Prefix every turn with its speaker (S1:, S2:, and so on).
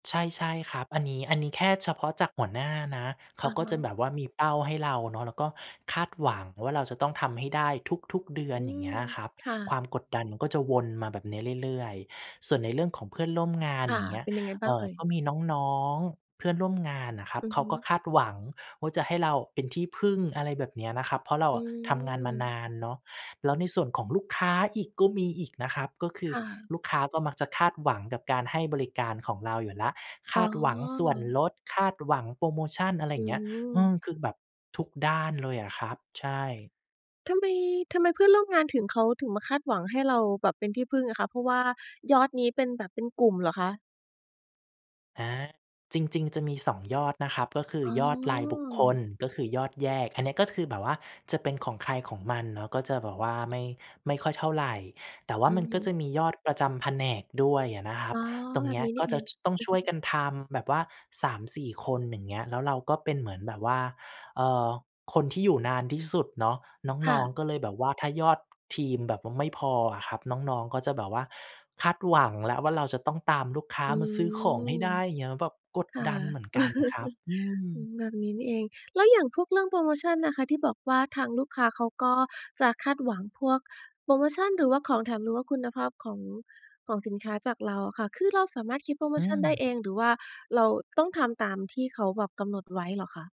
S1: ใช่ ๆ ครับ อันนี้ อันนี้แค่เฉพาะจากหัวหน้านะ เข
S2: อ
S1: า
S2: ะ
S1: ก็
S2: ฮ
S1: จะ
S2: ะ
S1: แบบว่ามีเป้าให้เราเนาะ แล้วก็คาดหวังว่า เราจะต้องทำให้ได้ทุก ๆ เดือ
S2: อ
S1: น
S2: ื
S1: อย่างเ
S2: ม
S1: งี้ยครับ
S2: ค่
S1: ค
S2: ะ
S1: วามกดดันมันก็จะวนมาแบบนี้เรื่อย ๆ ส่วนในเรื่องของเพื่อนร่วมงาน
S2: ค่
S1: อ
S2: ะ
S1: ย่างเงี้ย
S2: เป็นยังไงบ
S1: เ
S2: ้
S1: อ
S2: าง
S1: ่
S2: เ
S1: อ
S2: อ่ย?
S1: ก็มีน้อง ๆ เพื่อนร่วมงานน่ะครับ
S2: อือ
S1: เขา
S2: ฮ
S1: ก็
S2: ึ
S1: คาดหวังว่า จะให้เราเป็นที่พึ่ง อะไรแบบเนี้ยนะครับ เพราะเรา
S2: อื
S1: ทำงานมาน
S2: ม
S1: านเนาะ แล้วในส่วนของลูกค้าอีก ก็มีอีกนะครับ ก็คื
S2: ค
S1: อ
S2: ่ะ
S1: ลูกค้าก็มักจะคาดหวังกับการให้บริการของเราอยู่แล้ว ค
S2: อ๋
S1: า
S2: อ
S1: ดหวังส่วนลด คาดหวังโพรโมชัน อะไรอ
S2: อ
S1: ย
S2: ื
S1: ่างเงี้ย อื
S2: ม
S1: ม คือแบบทุกด้านเลยอะครับ ใช่
S2: ทำไม ทำไมเพื่อนร่วมงานถึง เขาถึงมาคาดหวังให้เราแบบเป็นที่พึ่งอะคะ เพราะว่ายอดนี้เป็นแบบ เป็นกลุ่มเหรอคะ?
S1: อา จริง ๆ จะมี 2 ยอดนะครับ ก็คือ
S2: อ๋
S1: ยอดรายบุคค
S2: อ
S1: ล ก็คือยอดแยก อันเนี้ย ก็คือแบบว่าจะเป็นของใครของมันเนาะ ก็จะแบบว่าไม่ ไม่ค่อยเท่าไร แต่ว่
S2: อ
S1: า
S2: ื
S1: มั
S2: อ
S1: น
S2: ฮ
S1: ก็จ
S2: ึ
S1: ะมียอดประจำแผนกด้วยอะนะครั
S2: อ๋
S1: บ
S2: อ
S1: ตรง
S2: แบ
S1: เนี
S2: บ
S1: ้ย
S2: นี้นี
S1: ก็
S2: ่เ
S1: จ
S2: อ
S1: ะ
S2: ง
S1: ช
S2: อ
S1: ต้องช่
S2: ื
S1: ว
S2: อ
S1: ย
S2: ฮึ
S1: กันทำแบบว่า 3-4 คน อย่างเงี้ย แล้วเราก็เป็นเหมือนแบบว่า เอ่อ คนที่อยู่นานที่สุดเนาะ
S2: ค
S1: น
S2: ่
S1: ้อง
S2: ะ
S1: ๆ ก็เลยแบบว่า ถ้ายอดทีมแบบว่าไม่พออะครับ น้อง ๆ ก็จะแบบว่าคาดหวังแล้วว่า เราจะต้องตามลูกค้า
S2: อื
S1: มาซื้อของให้
S2: ม
S1: ได้เงี้ย แบบกด
S2: ค่ะ
S1: ดันเหมือนกันครับ อื
S2: อื
S1: ม
S2: ม แบบนี้นี่เอง แล้วอย่างพวกเรื่องโพรโมชันนะคะ ที่บอกว่าทางลูกค้าเขาก็จะคาดหวังพวกโพรโมชัน หรือว่าของแถม หรือว่าคุณภาพของ ของสินค้าจากเราอะค่ะ คือเราสามารถคิดโพรโม
S1: อื
S2: ชัน
S1: ม
S2: ได้เอง หรือว่าเราต้องทำตามที่เขาแบบกำหนดไว้เหรอคะ?